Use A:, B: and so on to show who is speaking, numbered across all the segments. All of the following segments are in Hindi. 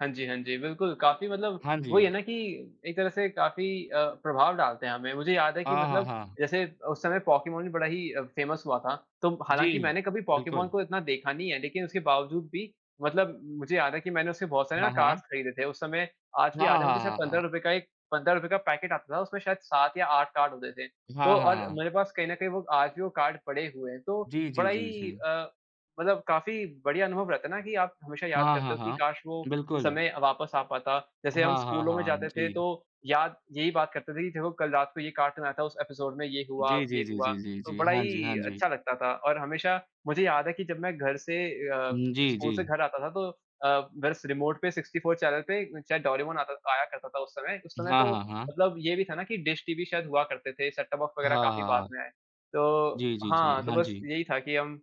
A: हाँ जी, हाँ जी, बिल्कुल। काफ़ी मतलब
B: हाँ
A: वही है
B: जी।
A: ना कि एक तरह से काफ़ी अ, प्रभाव डालते हैं हमें। मुझे याद है कि
B: हाँ, हाँ,
A: मतलब
B: हाँ।
A: जैसे उस समय पोकेमॉन भी बड़ा ही फ़ेमस हुआ था। तो हालाँकि
B: जी।
A: मैंने कभी पोकेमॉन
B: बिल्कुल।
A: को इतना देखा नहीं है, लेकिन उसके बावजूद भी मतलब मुझे याद है कि मैंने उसके बहुत सारे ना
B: हाँ, हाँ।
A: कार्ड्स खरीदे थे उस समय। आज भी
B: हाँ, हाँ,
A: याद है मुझे शायद
B: हाँ,
A: पंद्रह
B: हाँ।
A: रूपए का एक ₹15 का पैकेट आता था, उसमें शायद 7 या 8 कार्ड होते थे तो
B: हाँ, हाँ,
A: और
B: हाँ।
A: मेरे पास कहीं न कहीं वो आज भी वो कार्ड पड़े हुए हैं। तो
B: जी, जी,
A: बड़ा
B: जी,
A: ही
B: जी।
A: अ, मतलब काफ़ी बढ़िया अनुभव रहता है ना कि आप हमेशा याद
B: हाँ,
A: करते
B: हाँ,
A: हो कि
B: हाँ।
A: काश वो
B: बिल्कुल।
A: समय वापस आ पाता। जैसे हम
B: हाँ, हाँ,
A: स्कूलों में
B: हाँ।
A: जाते थे तो
B: जी।
A: याद यही बात करते थे कि देखो कल रात को ये कार्टून आया था, उस एपिसोड में ये हुआ,
B: जी,
A: ये
B: जी, जी,
A: हुआ
B: जी, जी,
A: तो
B: जी।
A: बड़ा
B: हाँ जी,
A: ही
B: हाँ जी।
A: अच्छा लगता था। और हमेशा मुझे याद है कि जब मैं घर से अ,
B: उम, जी,
A: स्कूल से
B: जी।
A: घर आता था तो अ, बस रीमोट पे 64 चैनल पे चाहे डोरेमोन आता था आया करता था उस समय। उस समय
B: हाँ,
A: तो
B: हाँ, हाँ।
A: मतलब ये भी था ना कि डिश टीवी शायद हुआ करते थे, सेट-टॉप बॉक्स
B: हाँ,
A: वग़ैरह काफ़ी
B: हाँ,
A: बाद
B: हाँ।
A: में आए। तो
B: जी, जी, जी।
A: हाँ, तो
B: हाँ
A: बस
B: जी।
A: यही था कि हम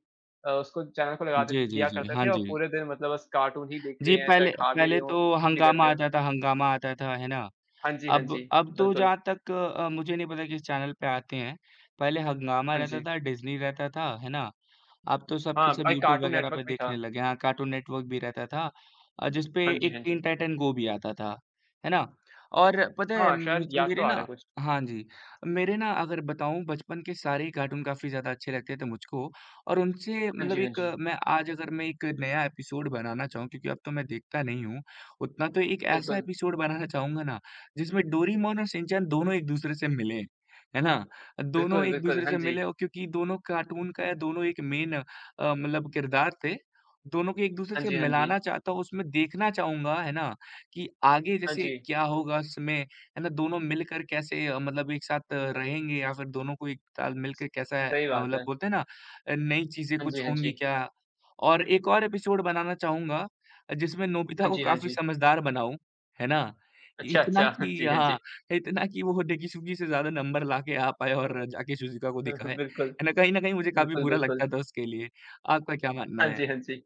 A: अ, उसको चैनल को लगा दे
B: जी, जी,
A: दिया
B: जी।
A: करते
B: हाँ
A: थे और
B: जी।
A: पूरे दिन मतलब बस कार्टून ही देख
B: जी,
A: रहे हैं, चाहे
B: पहले
A: खा भी रहे
B: पहले
A: हों
B: तो
A: कुछ भी कर
B: हंगामा
A: रहे हों।
B: आता था हंगामा आता था, है ना?
A: हाँ जी, हाँ जी,
B: अब अब तो
A: बिल्कुल।
B: जहाँ तक अ, मुझे नहीं पता किस चैनल पे आते हैं। पहले हंगामा
A: हाँ
B: रहता
A: जी।
B: था, डिज़्नी रहता था, है ना? अब तो सब के
A: हाँ,
B: सब
A: एक
B: यूट्यूब
A: कार्टून
B: वग़ैरह
A: नेटवर्क
B: पे
A: भी था।
B: देखने लगे हैं। हाँ कार्टून नेटवर्क भी रहता था, जिस पर
A: हाँ जी, हाँ
B: टीन
A: जी।
B: टाइटन गो भी आता था, है ना। और पता है
A: हाँ, शायद
B: मुझ
A: याद तो
B: मेरे
A: आ रहा
B: ना
A: है कुछ।
B: हाँ जी। मेरे ना अगर बताऊँ बचपन के सारे ही कार्टून काफ़ी ज़्यादा अच्छे लगते थे मुझको। और उनसे
A: हाँ
B: मतलब
A: जी, हाँ
B: एक
A: जी।
B: मैं आज अगर मैं एक नया एपिसोड बनाना चाहूँ, क्योंकि अब तो मैं देखता नहीं हूँ उतना, तो एक ऐसा
A: बिल्कुल।
B: एपिसोड बनाना चाहूँगा ना जिसमें डोरिमॉन और शिनचैन दोनों एक-दूसरे से मिले, है ना? दोनों
A: बिल्कुल,
B: एक
A: बिल्कुल,
B: दूसरे
A: हाँ
B: से मिले
A: जी।
B: और क्योंकि दोनों कार्टून का दोनों एक मेन अ, मतलब किरदार थे। दोनों को एक दूसरे
A: हाँ
B: से
A: जी, हाँ
B: मिलाना
A: जी।
B: चाहता हूँ, उसमें देखना चाहूँगा है ना कि आगे
A: हाँ
B: जैसे
A: जी।
B: क्या होगा उसमें, है ना, दोनों मिलकर कैसे अ, मतलब एक साथ अ, रहेंगे या फिर दोनों को एक साथ मिल के कैसा अ,
A: सही बात
B: मतलब
A: है।
B: बोलते हैं ना नई चीजें
A: हाँ
B: कुछ
A: जी, हाँ
B: होंगी
A: जी।
B: क्या? और एक और एपिसोड बनाना चाहूँगा, जिसमें नोबिता
A: हाँ
B: को
A: जी। हाँ
B: काफ़ी
A: जी।
B: समझदार बनाऊँ, है ना,
A: अच्छा,
B: इतना
A: अच्छा। हाँ
B: कि
A: जी, हाँ
B: हाँ,
A: जी।
B: इतना कि वो डेकिसुगी से ज़्यादा नंबर लाके आ पाए और जाके शिज़ूका को दिखाए,
A: बिल्कुल।
B: है ना? कहीं न कहीं मुझे काफ़ी
A: बिल्कुल,
B: बुरा लगता
A: बिल्कुल।
B: था उसके लिए। आपका क्या मानना
A: हाँ
B: है?
A: जी, हाँ जी।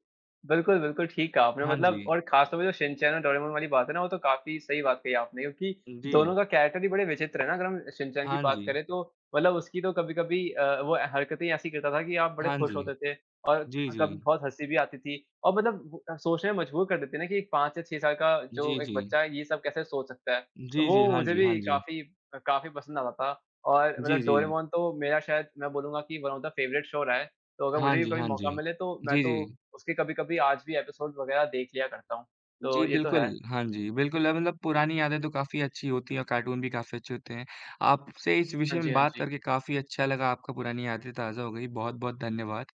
A: बिल्कुल, बिल्कुल ठीक कहा आपने।
B: हाँ
A: मतलब
B: जी।
A: और खास तौर पे जो शिनचैन और डोरेमॉन वाली बात है ना वो तो काफ़ी सही बात कही आपने। क्योंकि, दोनों
B: जी।
A: का कैरेक्टर ही बड़े विचित्र है ना, अगर हम शिनचैन की
B: हाँ
A: बात
B: जी।
A: करें तो, मतलब उसकी तो कभी-कभी अ, वो ए हरकतें ऐसी करता था कि आप बड़े
B: हाँ जी।
A: खुश होते थे, और
B: जी,
A: कभी
B: जी।
A: बहुत हँसी भी आती थी। और मतलब सोचने में मजबूर कर देती थी ना कि 5 या 6 साल का जो
B: जी,
A: एक
B: जी।
A: बच्चा है ये सब कैसे सोच सकता है। तो
B: जी, जी।
A: वो
B: हाँ
A: मुझे
B: जी, हाँ
A: भी
B: जी।
A: काफ़ी काफ़ी पसंद आता था। और
B: जी,
A: मतलब
B: जी।
A: डोरेमॉन तो मेरा शायद मैं बोलूँगा कि one of the favourite show रहा है। तो अगर
B: हाँ
A: मुझे भी
B: जी,
A: कभी
B: हाँ जी।
A: मौका मिले तो मैं
B: जी,
A: तो
B: जी।
A: उसके कभी-कभी आज भी एपिसोड वग़ैरह देख लिया करता हूँ। तो
B: जी
A: ये तो
B: बिल्कुल,
A: है।
B: हाँ जी, बिल्कुल। अब मतलब पुरानी यादें तो काफ़ी अच्छी होती हैं और कार्टून भी काफ़ी अच्छे होते हैं। आपसे इस
A: हाँ
B: विषय
A: जी,
B: में
A: हाँ
B: बात
A: जी।
B: करके काफ़ी अच्छा लगा, आपका पुरानी यादें ताज़ा हो गई, बहुत-बहुत धन्यवाद।